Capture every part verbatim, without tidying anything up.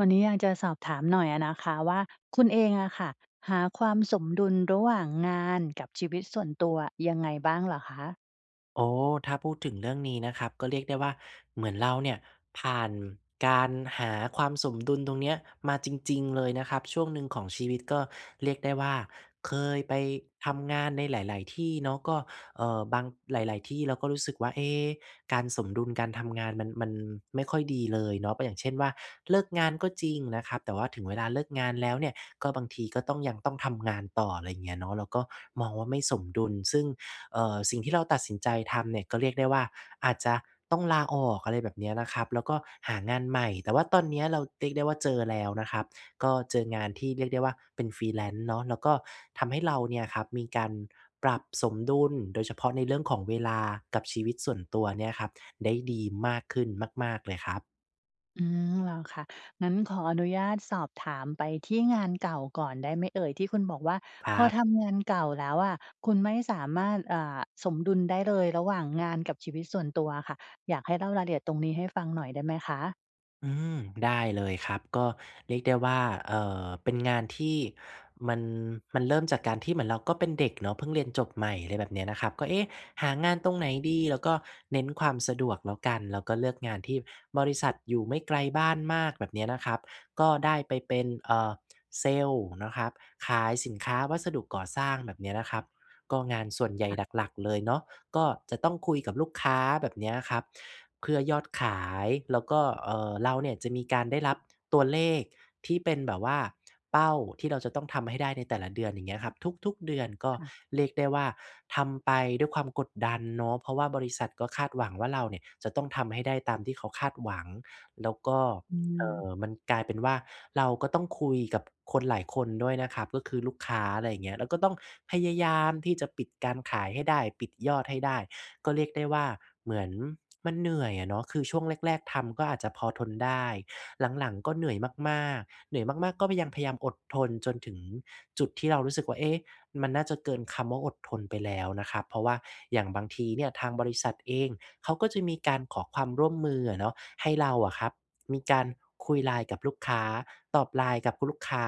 วันนี้อยากจะสอบถามหน่อยอะนะคะว่า คุณเองอะค่ะ หาความสมดุลระหว่างงานกับชีวิตส่วนตัวยังไงบ้างเหรอคะ? อ๋อ ถ้าพูดถึงเรื่องนี้นะครับ ก็เรียกได้ว่า เหมือนเราเนี่ยผ่านการหาความสมดุลตรงเนี้ยมาจริง ๆ เลยนะครับ ช่วงหนึ่งของชีวิตก็เรียกได้ว่าเคยไปทำงานในหลาย ๆ ที่เนาะ ก็ เอ่อ บาง หลาย ๆ ที่เราก็รู้สึกว่า เอ๊ การสมดุลการทำงานมัน มันไม่ค่อยดีเลยเนาะ ป อย่างเช่นว่า เลิกงานก็จริงนะครับ แต่ว่าถึงเวลาเลิกงานแล้วเนี่ย ก็บางทีก็ต้องยังต้องทำงานต่อ อะไรอย่างเงี้ยเนาะ เราก็มองว่าไม่สมดุล ซึ่ง เอ่อ สิ่งที่เราตัดสินใจทำเนี่ยก็เรียกได้ว่า อาจจะต้องลาออก อะไรแบบนี้นะครับ แล้วก็หางานใหม่ แต่ว่าตอนเนี้ยเราเรียกได้ว่าเจอแล้วนะครับ ก็เจองานที่เรียกได้ว่าเป็น Freelance เนาะ แล้วก็ทำให้เราเนี่ยครับมีการปรับสมดุล โดยเฉพาะในเรื่องของเวลากับชีวิตส่วนตัวเนี่ยครับ ได้ดีมากขึ้นมาก ๆ เลยครับ อืม เหรอคะ งั้นขออนุญาตสอบถามไปที่งานเก่าก่อนได้ไหมเอ่ย ที่คุณบอกว่าคพรัอบ ทำงานเก่าแล้วอะคุณไม่สามารถ อ่า สมดุลได้เลยระหว่างงานกับชีวิตส่วนตัวอะค่ะ อยากให้เล่ารายละเอียดตรงนี้ให้ฟังหน่อยได้ไหมคะ? อืม ได้เลยครับ ก็เรียกได้ว่า เอ่อ เป็นงานที่มัน มันเริ่มจากการที่เหมือนเราก็เป็นเด็กเนาะ เพิ่งเรียนจบใหม่ อะไรแบบเนี้ยนะครับ ก็ "เอ๊ะ! หางานตรงไหนดี?" เราก็เน้นความสะดวกแล้วกัน แล้วก็เลือกงานที่บริษัทอยู่ไม่ไกลบ้านมาก แบบเนี้ยนะครับ ก็ได้ไปเป็น อ่า เซลส์นะครับขายสินค้าวัสดุก่อสร้าง แบบเนี้ยนะครับ ก็งานส่วนใหญ่ค่ะ หลัก ๆ เลยเนาะ ก็จะต้องคุยกับลูกค้า แบบเนี้ยครับ เพื่อยอดขาย แล้วก็ เอ่อ เราเนี่ยจะมีการได้รับ ตัวเลขที่เป็นแบบว่าเป้าที่เราจะต้องทำให้ได้ในแต่ละเดือน อย่างเงี้ยครับ ทุก ๆ เดือนก็ค่ะ เรียกได้ว่า ทำไปด้วยความกดดันเนาะ เพราะว่าบริษัทก็คาดหวังว่าเราเนี่ย จะต้องทำให้ได้ตามที่เขาคาดหวัง แล้วก็ อืเอ่อ อ มันกลายเป็นว่าเราก็ต้องคุยกับคนหลายคนด้วยนะครับ ก็คือลูกค้า อะไรเงี้ย แล้วก็ต้องพยายามที่จะปิดการขายให้ได้ ปิดยอดให้ได้ ก็เรียกได้ว่า เหมือนมันเหนื่อยอะเนาะ คือช่วงแรก ๆ ทำก็อาจจะพอทนได้ หลัง ๆ ก็เหนื่อยมาก ๆ เหนื่อยมาก ๆ ก็พยัม พยายามอดทนจนถึงจุดที่เรารู้สึกว่า เอ๊ะ มันน่าจะเกินคำว่าอดทนไปแล้วนะครับ เพราะว่าอย่างบางทีเนี่ย ทางบริษัทเองเขาก็จะมีการขอความร่วมมืออะเนาะ ให้เราอะครับมีการคุย LINE กับลูกค้า ตอบ LINE กับคุณลูกค้า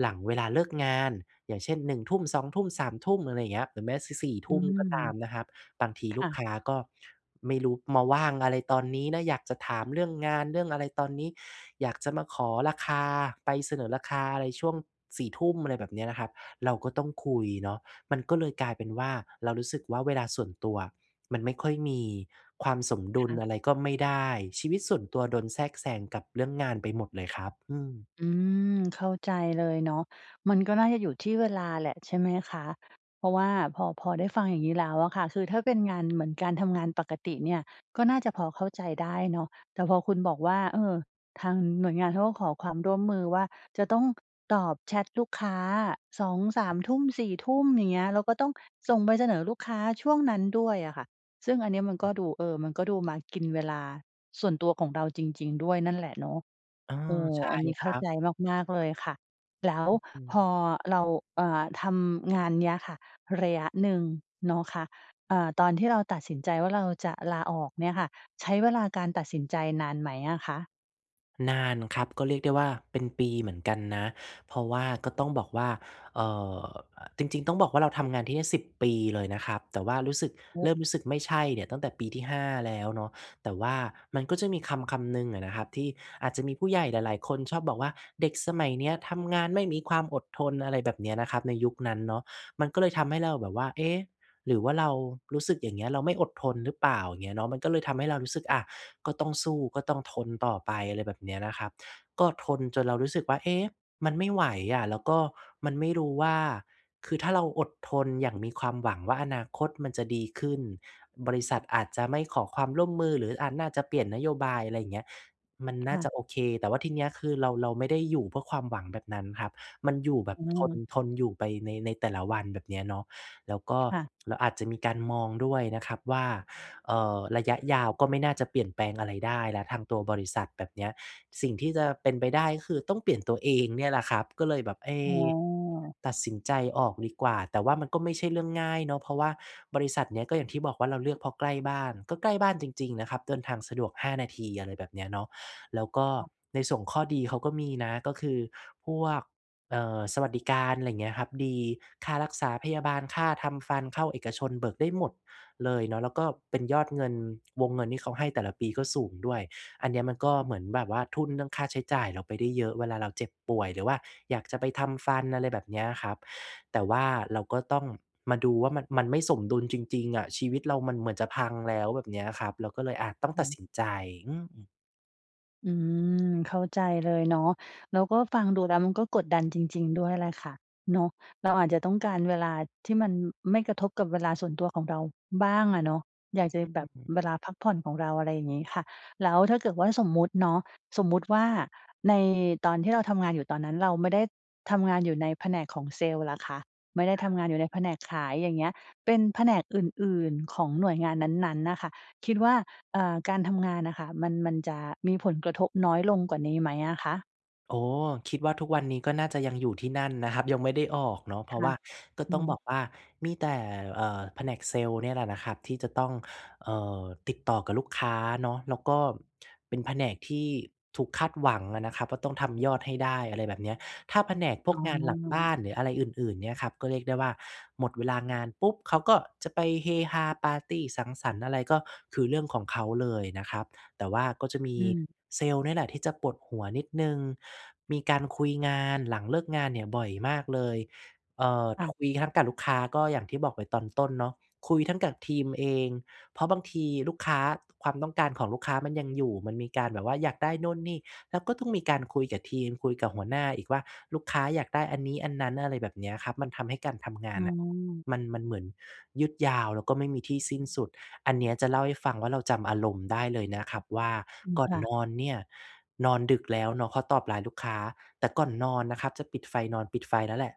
หลังเวลาเลิกงาน อย่างเช่น หนึ่งทุ่ม สองทุ่ม สามทุ่ม อะไรอย่างเงี้ย หรือแม้ ส สี่อทืุ่มม ก็ตามนะครับ บางทีคลู่กะ ค้าก็ไม่รู้มาว่างอะไรตอนนี้นะ อยากจะถามเรื่องงานเรื่อง อะไรตอนนี้ อยากจะมาขอราคา ไปเสนอราคาอะไรช่วง สี่ทุ่ม อะไรแบบเนี้ยนะครับ เราก็ต้องคุยเนาะ มันก็เลยกลายเป็นว่าเรารู้สึกว่า เวลาส่วนตัวมันไม่ค่อยมี ความสมดุคล่ะ อะไรก็ไม่ได้ ชีวิตส่วนตัวโดนแทรกแซงกับเรื่องงานไปหมดเลยครับ อืม อืม เข้าใจ เลยเนาะ มันก็น่าจะอยู่ที่เวลาแหละ ใช่ไหมคะ เพราะว่าพอ พอได้ฟังอย่างงี้แล้วอะค่ะ คือถ้าเป็นงานเหมือนการทำงานปกติเนี่ย ก็น่าจะพอเข้าใจได้เนาะ แต่พอคุณบอกว่า เออ ทางหน่วยงานเขาก็ขอความร่วมมือว่า จะต้อง ค ตอบแชทลูกค้า สองสามทุ่ม สี่ทุ่ม อย่างเงี้ย แล้วก็ต้องส่งใบเสนอลูกค้าช่วงนั้นด้วยอะค่ะ ซึ่งอันเนี้ยมันก็ดู เออ มันก็ดูมากินเวลาส่วนตัวของเราจริง ๆ ด้วยนั่นแหละเนาะ เออ โอ้ ใช่อันนี้คเข้ราัใบ จมาก ๆ เลยค่ะ แล้วอืม พอๆ เรา อ่า ทำงานเนี้ยค่ะ ระยะหนึ่งเนาะคะ อ่า ตอนที่เราตัดสินใจว่า เราจะลาออกเนี่ยค่ะ ใช้เวลาการตัดสินใจนานไหมอะคะ? นานครับ ก็เรียกได้ว่าเป็นปีเหมือนกันนะ เพราะว่าก็ต้องบอกว่า เอ่อ อ จริง ๆ ต้องบอกว่าเราทำงานที่นี่ สิบ ปีเลยนะครับ แต่ว่ารู้สึก เริ่มรู้สึกไม่ใช่เนี่ยตั้งแต่ปีที่ ห้า แล้วเนาะ แต่ว่ามันก็จะมีคำคำหนึ่งอะนะครับที่อาจจะมีผู้ใหญ่หลาย ๆ คนชอบบอกว่า "เด็กสมัยนี้ทำงานไม่มีความอดทน" อะไรแบบนี้นะครับ ในยุคนั้นเนาะ มันก็เลยทำให้เราแบบว่า เอ๊ะ หรือว่าเรารู้สึกอย่างเงี้ยเราไม่อดทนหรือเปล่า อย่างเงี้ยเนาะ มันก็เลยทำให้เรารู้สึก อ่า ก็ต้องสู้ ก็ต้องทนต่อไป อะไรแบบนี้นะครับ ก็ทนจนเรารู้สึกว่า "เอ๊ะ มันไม่ไหวอะ แล้วก็มันไม่รู้ว่า คือถ้าเราอดทนอย่างมีความหวังว่าอนาคตมันจะดีขึ้น บริษัทอาจจะไม่ขอความร่วมมือ หรือ อ่า น่าจะเปลี่ยนนโยบาย อะไรอย่างเงี้ย มันคน่า่ะ จะโอเค" แต่ว่าทีนี้คือเรา เราไม่ได้อยู่เพื่อความหวังแบบนั้นครับ มันอยู่แบบอืทน ม ทนอยู่ไปใน ในแต่ละวัน แบบนี้เนาะ แล้วก็ค่ะ เราอาจจะมีการมองด้วยนะครับว่า เอ่อ ระยะยาวก็ไม่น่าจะเปลี่ยนแปลงอะไรได้แล้วทางตัวบริษัท แบบนี้ สิ่งที่จะเป็นไปได้ก็คือต้องเปลี่ยนตัวเองเนี่ยแหละครับ ก็เลยแบบ เอ๊อ๋อ ะ ตัดสินใจออกดีกว่า แต่ว่ามันก็ไม่ใช่เรื่องง่ายเนาะ เพราะว่าบริษัทนี้ก็อย่างที่บอกว่าเราเลือกเพราะใกล้บ้าน ก็ใกล้บ้านจริง ๆ นะครับ เดินทางสะดวก ห้า นาที อะไรแบบนี้เนาะ แล้วก็ในส่วนของข้อดีเขาก็มีนะ ก็คือพวก เอ่อ สวัสดิการอะไรอย่างเงี้ยครับดี ค่ารักษาพยาบาล ค่าทำฟัน เข้าเอกชน เบิกได้หมดเลยเนาะ แล้วก็เป็นยอดเงิน วงเงินที่เขาให้แต่ละปีก็สูงด้วย อันเนี้ยมันก็เหมือนแบบว่าทุ่นเรื่องค่าใช้จ่ายเราไปได้เยอะเวลาเราเจ็บป่วย หรือว่าอยากจะไปทำฟัน อะไรแบบเนี้ยครับ แต่ว่าเราก็ต้องมาดูว่ามัน มันไม่สมดุลจริง ๆ อะ ชีวิตเรามันเหมือนจะพังแล้ว แบบเนี้ยครับ เราก็เลย อา ต้อองตืัดม สินใจ อืม อืม เข้าใจเลยเนาะ แล้วก็ฟังดูแล้วมันก็กดดันจริง ๆ ด้วยแหละค่ะเนาะ เราอาจจะต้องการเวลาที่มันไม่กระทบกับเวลาส่วนตัวของเราบ้างอะเนาะ อยากจะอแบบ ืม เวลาพักผ่อนของเรา อะไรอย่างงี้ค่ะ แล้วถ้าเกิดว่าสมมุติเนาะ สมมุติว่าในตอนที่เราทำงานอยู่ ตอนนั้นเราไม่ได้ทำงานอยู่ในแผนกของเซลส์ล่ะคะ ไม่ได้คทรัำบ งานอยู่ในแผนกขาย อย่างเงี้ย เป็นแผนกอื่น ๆ ของหน่วยงานนั้น ๆ น่ะค่ะ คิดว่า เอ่อ การทำงานน่ะค่ะมัน มันจะมีผลกระทบน้อยลงกว่านี้ไหมอะคะ? อ๋อ คิดว่าทุกวันนี้ก็น่าจะยังอยู่ที่นั่นนะครับ ยังไม่ได้ออกเนาะ เพคราะ่วะ ่าก็อืต้องบม อกว่า มีแต่ เอ่อ แผนกเซลส์เนี่ยแหละนะครับที่จะต้อง เอ่อ ติดต่อกับลูกค้าเนาะ แล้วก็เป็นแผนกที่ถูกคาดหวังอะนะครับว่า ต้องทำยอดให้ได้ อะไรแบบเนี้ย ถ้าแผนกพอว๋กอ งานหลังบ้าน หรืออะไรอื่น ๆ เนี้ยครับ ก็เรียกได้ว่าหมดเวลางานปุ๊บเขาก็จะไปเฮฮาปาร์ตี้ สังสรรค์อะไรก็คือเรื่องของเขาเลยนะครับ แต่ว่าก็จะมีอืม เซลส์เนี่ยแหละที่จะปวดหัวนิดหนึ่ง มีการคุยงานหลังเลิกงานเนี่ยบ่อยมากเลย เอ่อ คท ่ะ คุยทั้งกับลูกค้า ก็อย่างที่บอกไปตอนต้นเนาะ คุยทั้งกับทีมเอง เพราะบางทีลูกค้า ความต้องการของลูกค้ามันยังอยู่ มันมีการแบบว่าอยากได้โน่นนี่ แล้วก็ต้องมีการคุยกับทีม คุยกับหัวหน้าอีกว่า ลูกค้าอยากได้อันนี้อันนั้น อะไรแบบเนี้ยครับ มันทำให้การทำงอานืน่ะอ มัน มันเหมือนยืดยาว แล้วก็ไม่มีที่สิ้นสุด อันเนี้ยจะเล่าให้ฟังว่า เราจำอารมณ์ได้เลยนะครับว่าอืม ก่อคน่ะ นอนเนี่ย นอนดึกแล้วเนาะเพราะตอบ LINE ลูกค้า แต่ก่อนนอนนะครับ จะปิดไฟนอน ปิดไฟแล้วแหละ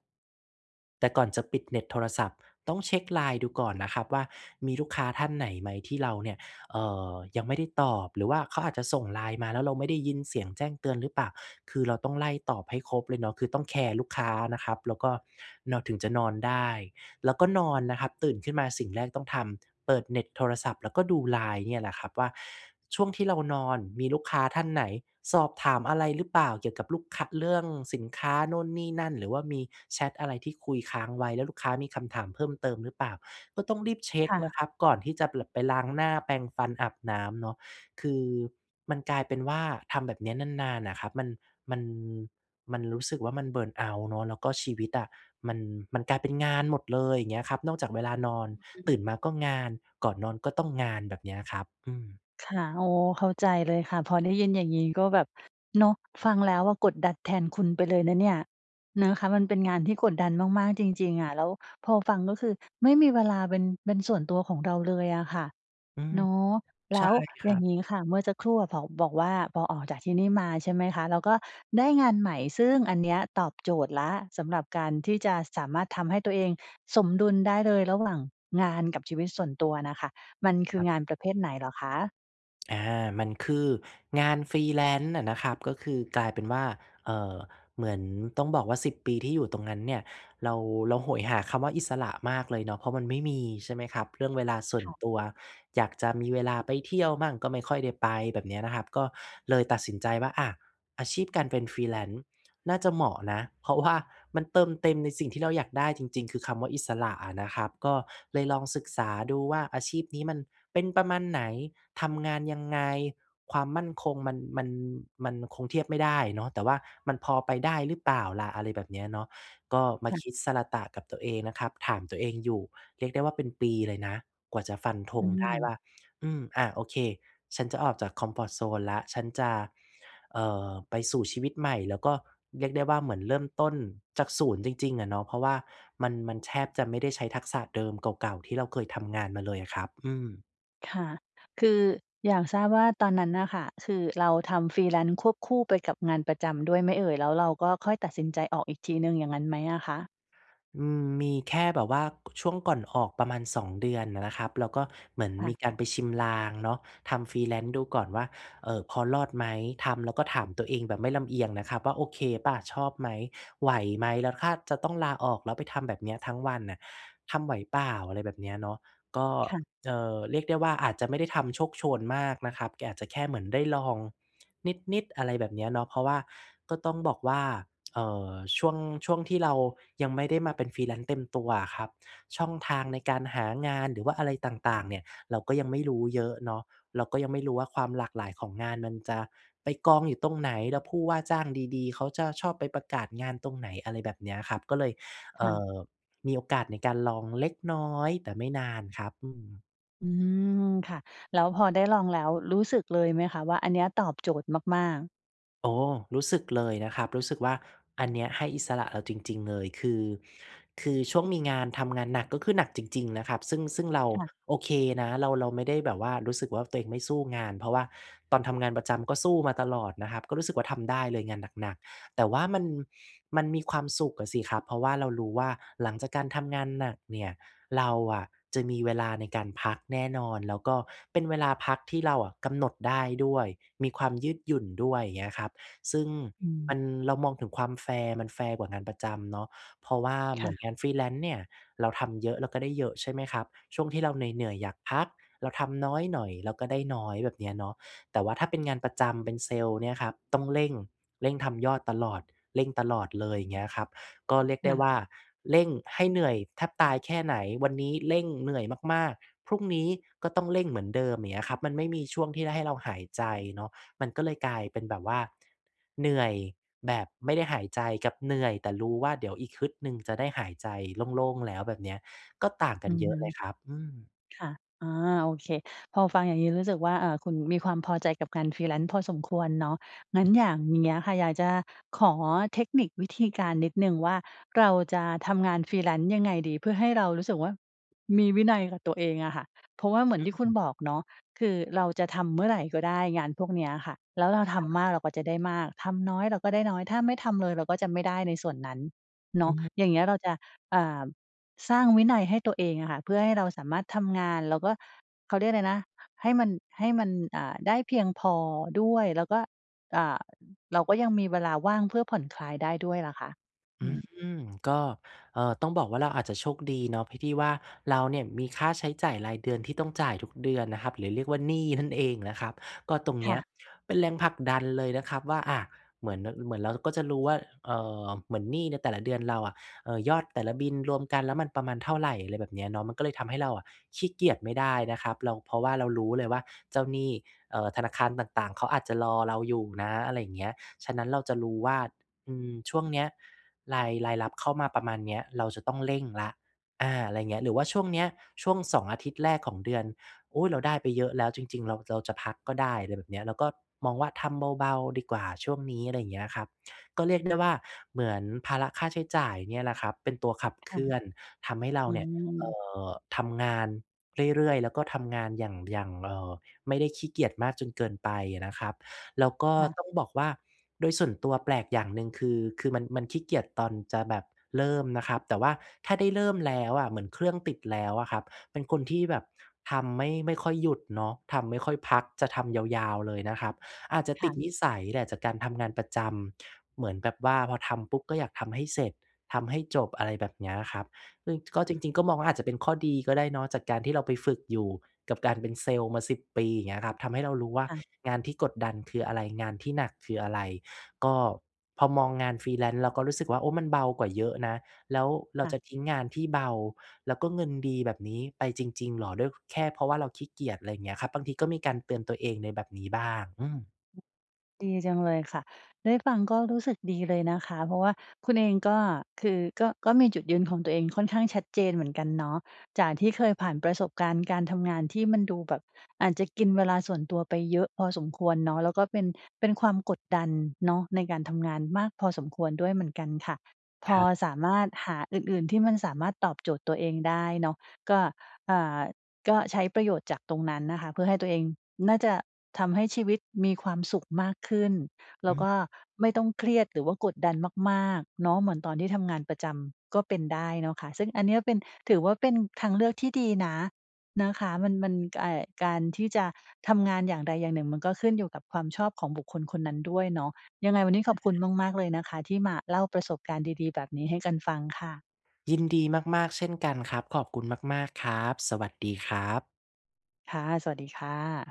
แต่ก่อนจะปิดเน็ตโทรศัพท์ ต้องเช็ก LINE ดูก่อนนะครับว่า มีลูกค้าท่านไหนไหมที่เราเนี่ย เอ่อ ยังไม่ได้ตอบ หรือว่าเขาอาจจะส่ง LINE มาแล้วเราไม่ได้ยินเสียงแจ้งเตือนหรือเปล่า? คือเราต้องไล่ตอบให้ครบเลยเนาะ คือต้องแคร์ลูกค้านะครับแล้วก็เราถึงจะนอนได้ แล้วก็นอนนะครับตื่นขึ้นมาสิ่งแรกต้องทำ เปิดเน็ตโทรศัพท์ แล้วก็ดู LINE เนี่ยนะครับว่า ช่วงที่เรานอนมีลูกค้าท่านไหนสอบถามอะไรหรือเปล่า? เกี่ยวกับลูก ค เรื่องสินค้านู่นนี่นั่น หรือว่ามีแชตอะไรที่คุยค้างไว้ แล้วลูกค้ามีคำถามเพิ่มเติมหรือเปล่า? ก็ต้องรีบเช็คก่นะ ะครับก่อนที่จะเบื่อไปล้างหน้า แปรงฟัน อาบน้ำเนาะ คือมันกลายเป็นว่าทำแบบเนี้ยนาน ๆ น่ะครับ มัน มัน มันรู้สึกว่ามัน เบิร์นเอาต์ เนาะ แล้วก็ชีวิตอะมัน มันกลายเป็นงานหมดเลย อย่างเงี้ยครับ นอกจากเวลานอน อ อืม ตื่นมาก็งาน ก่อนนอนก็ต้องงาน แบบเนี้ยอะครับ อือ ค่ะ อ๋อ เข้าใจเลยค่ะ พอได้ยินอย่างงี้ก็แบบ เนาะ ฟังแล้วอะกดดันแทนคุณไปเลยนะเนี่ย นะคะ มันเป็นงานที่กดดันมาก ๆ จริง ๆ อะ แล้วพอฟังก็คือไม่มีเวลาเป็น เป็นส่วนตัวของเราเลยอะค่ะ อืม เนาะ แลใช้่วคอยร่ัางบ งี้ค่ะ เมื่อสักครู่อะ พอบอกว่าพอออกจากที่นี่มา ใช่ไหมคะ แล้วก็ได้งานใหม่ ซึ่งอันเนี้ยตอบโจทย์แล้วสำหรับการที่จะสามารถทำให้ตัวเองสมดุลได้เลยระหว่างงานกับชีวิตส่วนตัวน่ะค่ะ มันคืคอรับ งานประเภทไหนเหรอคะ? อา มันคืองาน Freelance น่ะนะครับ ก็คือกลายเป็นว่า เอ่อ เหมือนต้องบอกว่า สิบ ปีที่อยู่ตรงนั้นเนี่ย เรา เราโหยหาคำว่าอิสระมากเลยเนาะ เพราะมันไม่มี ใช่ไหมครับ เรื่องเวลาส่วนค่ะ ตัว อยากจะมีเวลาไปเที่ยวบ้าง ก็ไม่ค่อยได้ไป แบบเนี้ยนะครับ ก็เลยตัดสินใจว่า อะ อาชีพการเป็น Freelance น่าจะเหมาะนะ เพราะว่า มันเติมเต็มในสิ่งที่เราอยากได้จริง ๆ คือคำว่าอิสระอะนะครับ ก็เลยลองศึกษาดูว่า อาชีพนี้มันเป็นประมาณไหน? ทำงานยังไง? ความมั่นคงมัน มัน มันคงเทียบไม่ได้เนาะ แต่ว่ามันพอไปได้หรือเปล่าล่ะ? อะไรแบบเนี้ยเนาะ ก็มาค่ะ คิดสะระตะกับตัวเองนะครับ ถามตัวเองอยู่ เรียกได้ว่าเป็นปีเลยนะ กว่าจะฟันธอืงได้ม ว่า อืม อะ โอเค ฉันจะออกจากคอมฟอร์ตโซนแล้ว ฉันจะ เอ่อ ไปสู่ชีวิตใหม่ แล้วก็เรียกได้ว่า เหมือนเริ่มต้นจาก ศูนย์ จริง ๆ อะเนาะ เพราะว่ามัน มันแทบจะไม่ได้ใช้ทักษะเดิม เก่า ๆ ที่เราเคยทำงานมาเลยอะครับ อืม ค่ะ คืออยากทราบว่า ตอนนั้นน่ะค่ะ คือเราทำ Freelance ควบคู่ไปกับงานประจำด้วยไหมเอ่ย? แล้วเราก็ค่อยตัดสินใจออกอีกทีหนึ่ง อย่างนั้นไหมอะคะ? อืม มีแค่แบบว่า ช่วงก่อนออกประมาณ สอง เดือนน่ะนะครับ แล้วก็เหมือนค่มีะ การไปชิมลางเนาะ ทำ Freelance ดูก่อนว่า เออ พอรอดไหม? ทำแล้วก็ถามตัวเองแบบไม่ลำเอียงนะครับว่า โอเคเปล่า ชอบไหม ไหวไหม? แล้วถ้าจะต้องลาออก แล้วไปทำแบบเนี้ยทั้งวันน่ะ ทำไหวเปล่า? อะไรแบบเนี้ยเนาะ ก็ ค่ะ เอ่อ เรียกได้ว่า อาจจะไม่ได้ทำโชกโชนมากนะครับ แกอาจจะแค่เหมือนได้ลองนิด ๆ อะไรแบบนี้อะเนาะ เพราะว่าก็ต้องบอกว่า เอ่อ ช่วง ช่วงที่เรายังไม่ได้มาเป็น Freelance เต็มตัวอะครับ ช่องทางในการหางาน หรือว่าอะไรต่าง ๆ เนี่ย เราก็ยังไม่รู้เยอะเนาะ เราก็ยังไม่รู้ว่า ความหลากหลายของงานมันจะไปกองอยู่ตรงไหน? แล้วผู้ว่าจ้างดี ๆ เขาจะชอบไปประกาศงานตรงไหน? อะไรแบบเนี้ยครับ ก็เลย คเอ่่ะ อ มีโอกาสในการลองเล็กน้อย แต่ไม่นานครับ อืม อืม ค่ะ แล้วพอได้ลองแล้วรู้สึกเลยไหมคะว่าอันเนี้ยตอบโจทย์มาก ๆ? โอ้ รู้สึกเลยนะครับ รู้สึกว่าอันเนี้ยให้อิสระเราจริง ๆ เลย คือ คือช่วงมีงาน ทำงานหนักก็คือหนักจริง ๆ นะครับ ซึ่ง ซึ่งเราค่ะ โอเคนะ เรา เราไม่ได้แบบว่ารู้สึกว่าตัวเองไม่สู้งาน เพราะว่าตอนทำงานประจำก็สู้มาตลอดนะครับ ก็รู้สึกว่าทำได้เลยงานหนัก ๆ แต่ว่ามัน มันมีความสุขอะสิครับ เพราะว่าเรารู้ว่าหลังจากการทำงานหนักเนี่ย เราอะจะมีเวลาในการพักแน่นอน แล้วก็เป็นเวลาพักที่เราอะกำหนดได้ด้วย มีความยืดหยุ่นด้วย อย่างเงี้ยครับ ซึ่งอืม มัน เรามองถึงความแฟร์ มันแฟร์กว่างานประจำเนาะ เพราะว่าคเหมื่อนะ งาน Freelance เนี่ยเราทำเยอะ เราก็ได้เยอะใช่ไหมครับ ช่วงที่เราเหนื่อย ๆ อยากพัก เราทำน้อยหน่อย เราก็ได้น้อย แบบเนี้ยเนาะ แต่ว่าถ้าเป็นงานประจำ เป็นเซลส์เนี่ยครับ ต้องเร่ง เร่งทำยอดตลอด เร่งตลอดเลย อย่างเงี้ยครับ ก็เรียกคได่้ะ ว่าเร่งให้เหนื่อยแทบตายแค่ไหน วันนี้เร่งเหนื่อยมาก ๆ พรุ่งนี้ก็ต้องเร่งเหมือนเดิม อย่างเงี้ยครับ มันไม่มีช่วงที่ได้ให้เราหายใจเนาะ มันก็เลยกลายเป็นแบบว่าเหนื่อยแบบไม่ได้หายใจ กับเหนื่อยแต่รู้ว่าเดี๋ยวอีกฮึดหนึ่งจะได้หายใจโล่ง ๆ แล้ว แบบเนี้ยก็ต่างกอัืนอเยฮอะึ เลยครับ อืม ค่ะ อา โอเค พอฟังอย่างงี้รู้สึกว่า เอ่อ คุณมีความพอใจกับงาน Freelance พอสมควรเนาะ งั้นอ อย่างเงี้ยค่ะ อยากจะขอเทคนิควิธีการนิดหนึ่งว่าเราจะทำงาน Freelance ยังไงดี เพื่อให้เรารู้สึกว่ามีวินัยกับตัวเองอะค่ะ เพราะว่าเหมืออนที่คุณืม บอกเนาะ คือเราจะทำเมื่อไรก็ได้งานพวกนี้อะค่ะ แล้วเราทครับ ำมากเราก็จะได้มาก ทำน้อยเราก็ได้น้อย ถ้าไม่ทำเลยเราก็จะไม่ได้ในส่วนนั้นเนาะ อือ อย่างเงี้ยเราจะ อ่า สร้างวินัยให้ตัวเองอะค่ะ เพื่อให้เราสามารถทำงาน แล้วก็ เขาเรียกไรนะ ให้มัน ให้มัน อ่า ได้เพียงพอด้วย แล้วก็ อ่า เราก็ยังมีเวลาว่างเพื่อผ่อนคลายได้ด้วยอะค่ะ? ออืืม ม ก็ เอ่อ ต้องบอกว่าเราอาจจะโชคดีเนาะ พิ ที่ว่าเราเนี่ยมีค่าใช้จ่ายรายเดือนที่ต้องจ่ายทุกเดือนนะครับ หรือเรียกว่าหนี้นั่นเองนะครับ ก็ตรงคเน่ี้ะ ยเป็นแรงผลักดันเลยนะครับว่า อา เหมือน ด เหมือนเราก็จะรู้ว่า เอ่อ เหมือนหนี้ในแต่ละเดือนเราอะ เอ่อ ยอดแต่ละบิลรวมกันแล้วมันประมาณเท่าไร อะไรแบบนี้เนาะ มันก็เลยทำให้เราอะขี้เกียจไม่ได้นะครับ เรา เพราะว่าเรารู้เลยว่าเจ้าหนี้ เอ่อ ธนาคารต่าง ๆ เขาอาจจะรอเราอยู่นะ อะไรเงี้ย ฉะนั้นเราจะรู้ว่า อืม ช่วงเนี้ยราย รายรับเข้ามาประมาณเนี้ย เราจะต้องเร่งแล้ว อา อะไรอย่างเงี้ย หรือว่าช่วงนี้ ช่วง สอง อาทิตย์แรกของเดือน อุ๊ย เราได้ไปเยอะแล้วจริง ๆ เราจะเอา จะพักก็ได้ อะไรแบบเนี้ย เราก็มองว่าทำเบา ๆ ดีกว่าช่วงนี้ อะไรเงี้ยครับ ก็เรียกได้ว่าเหมือนภาระค่าใช้จ่ายเนี่ยแหละครับเป็นตัวขับคเค่ลืะ ่อน ทำให้เราอเนี่ย เอื่ม อ ทำงานเรื่อย ๆ แล้วก็ทำงานอย่าง อย่าง เอ่อ ไม่ได้ขี้เกียจมากจนเกินไปนะครับ แล้วก็ค่ะ ต้องบอกว่าโดยส่วนตัวแปลกอย่างหนึ่งคือ คือมัน มันขี้เกียจตอนจะแบบเริ่มนะครับ แต่ว่าถ้าได้เริ่มแล้วอะเหมือนเครื่องติดแล้วอะครับ เป็นคนที่แบบทำไม่ ไม่ค่อยหยุดเนาะ ทำไม่ค่อยพัก จะทำยาว ๆ เลยนะครับ อาจจะคต่ิดะ นิสัยแหละจากการทำงานประจำ เหมือนแบบว่าพอทำปุ๊บก็อยากทำให้เสร็จ ทำให้จบ อะไรแบบเนี้ยครับ ซึ่งอืก็ม จริง ๆ ก็มองว่คา่อะ าจจะเป็นข้อดีก็ได้เนาะ จากการที่เราไปฝึกอยู่กับการเป็นเซลส์มา สิบ ปี อย่างเงี้ยครับ ทำให้เรารู้ว่าค่ะ งานที่กดดันคืออะไร งานที่หนักคืออะไร ก็พอมองงาน Freelance เราก็รู้สึกว่า โอ้ มันเบากว่าเยอะนะ แล้วเราค่ะ จะทิ้งงานที่เบา แล้วก็เงินดีแบบนี้ไปจริง ๆ เหรอ ด้วย แค่เพราะว่าเราขี้เกียจ ไรอย่างเงี้ยครับ บางทีก็มีการเตือนตัวเองในแบบนี้บ้าง อืม อ ดีจังเลยค่ะ ได้ฟังก็รู้สึกดีเลยนะคะ เพราะว่าคุณเองก็ คือก็ ก็มีจุดยืนของตัวเองค่อนข้างชัดเจนเหมือนกันเนาะ จากที่เคยผ่านประสบการณ์การทำงานที่มันดูแบบอาจจะกินเวลาส่วนตัวไปเยอะพอสมควรเนาะ แล้วก็เป็น เป็นความกดดันเนาะในการทำงานมากพอสมควรด้วยเหมือนกันค่ะ พคอรับ สามารถหาอื่น ๆ ที่มันสามารถตอบโจทย์ตัวเองได้เนาะ ก็ อ่า ก็ใช้ประโยชน์จากตรงนั้นนะคะ เพื่อให้ตัวเอง น่าจะทำให้ชีวิตมีความสุขมากขึ้น แลอ้วกืม ็ไม่ต้องเครียดหรือว่ากดดันมาก ๆ เนาะ เหมือนตอนที่ทำงานประจำก็เป็นได้เนาะคะ ซึ่งอันนี้เป็น ถือว่าเป็นทางเลือกที่ดีนะ นะคะ มัน มัน อ่า การที่จะทำงานอย่างใดอย่างหนึ่ง มันก็ขึ้นอยู่กับความชอบของบุคคลคนนั้นด้วยเนาะ ยังไงวันนี้ขอบคุณมาก ๆ เลยนะคะ ที่มาเล่าประสบการณ์ดี ๆ แบบนี้ให้กันฟังค่ะ ยินดีมาก ๆ เช่นกันครับ ขอบคุณมาก ๆ ครับ สวัสดีครับ ค่ะ สวัสดีค่ะ